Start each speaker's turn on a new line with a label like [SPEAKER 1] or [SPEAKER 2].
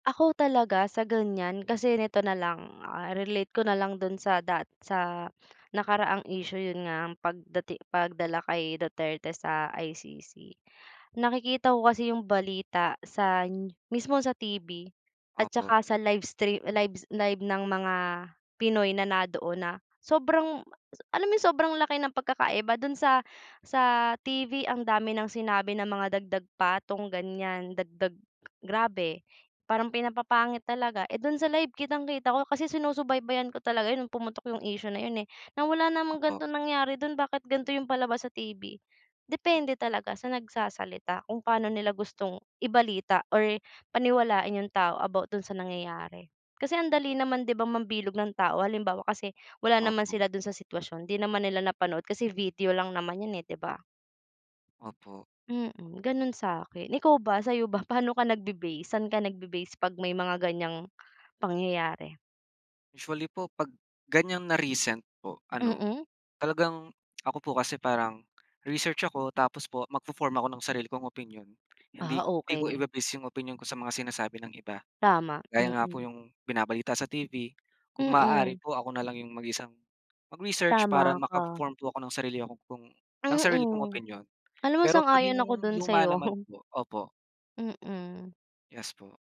[SPEAKER 1] Ako talaga, sa ganyan, kasi nito na lang, ah, relate ko na lang do'n sa dat sa nakaraang issue. 'Yon nga, ang pagdati pagdala kay Duterte sa ICC. Nakikita ko kasi 'yong balita san mismo sa TV at
[SPEAKER 2] Opo.
[SPEAKER 1] saka sa livestrea live live ng mga Pinoy na na'doon na sobrang ma sa alam mo 'yong sobrang laki ng pagkakaiba do'n sa sa TV, ang dami ng sinabi na mga dagdag patong, ganyan. Dagdag grabe parang pinapapangit talaga. Eh, do'n sa live kitang-kita ko. Kasi sinusubaybayan ko talaga 'yon no'ng pumutok 'yong issue na 'yon, eh. Na wala namang
[SPEAKER 2] Opo.
[SPEAKER 1] ganitong nangyari do'n, bakit ganito 'yong palabas sa TV? Depende talaga sa nagsasalita kung paano nila gustong ibalita or paniwalain 'yong tao about do'n sa nangyayari. Kasi ang dali naman, 'di ba, mambilog ng tao. Halimbawa, kasi wala naman
[SPEAKER 2] Opo.
[SPEAKER 1] sila do'n sa sitwasyon, 'di naman nila napanood kasi video lang naman 'yan, eh, 'di ba?
[SPEAKER 2] Opo.
[SPEAKER 1] Mm, gano'n sa'kin. Ikaw ba, sa'yo ba? Pa'no ka nagbe-base? Saan ka nagbe-base 'pag may mga ganyang pangyayari?
[SPEAKER 2] Usually po 'pag ganyan na recent po, ano,
[SPEAKER 1] Mm.
[SPEAKER 2] talagang ako po kasi parang research ako tapos po magfo-form ako ng sarili kong opinyon. Hindi
[SPEAKER 1] Ah
[SPEAKER 2] hindi ko
[SPEAKER 1] okey.
[SPEAKER 2] ibe-base 'yong opinyon ko sa mga sinasabi ng iba.
[SPEAKER 1] Tama,
[SPEAKER 2] Gaya nga po
[SPEAKER 1] mm.
[SPEAKER 2] 'yong binabalita sa TV, kung maaari
[SPEAKER 1] Mm.
[SPEAKER 2] po ako na lang 'yong mag-isang mag-research para
[SPEAKER 1] Tama ka.
[SPEAKER 2] maka-form po ako ng sarili ko pong ng sarili kong
[SPEAKER 1] Mm,
[SPEAKER 2] opinyon.
[SPEAKER 1] alam mo
[SPEAKER 2] Pero 'pag
[SPEAKER 1] sang-ayon ako
[SPEAKER 2] 'yong
[SPEAKER 1] do'n
[SPEAKER 2] luma
[SPEAKER 1] sa'yo.
[SPEAKER 2] naman po opo.
[SPEAKER 1] Mm.
[SPEAKER 2] Yes po.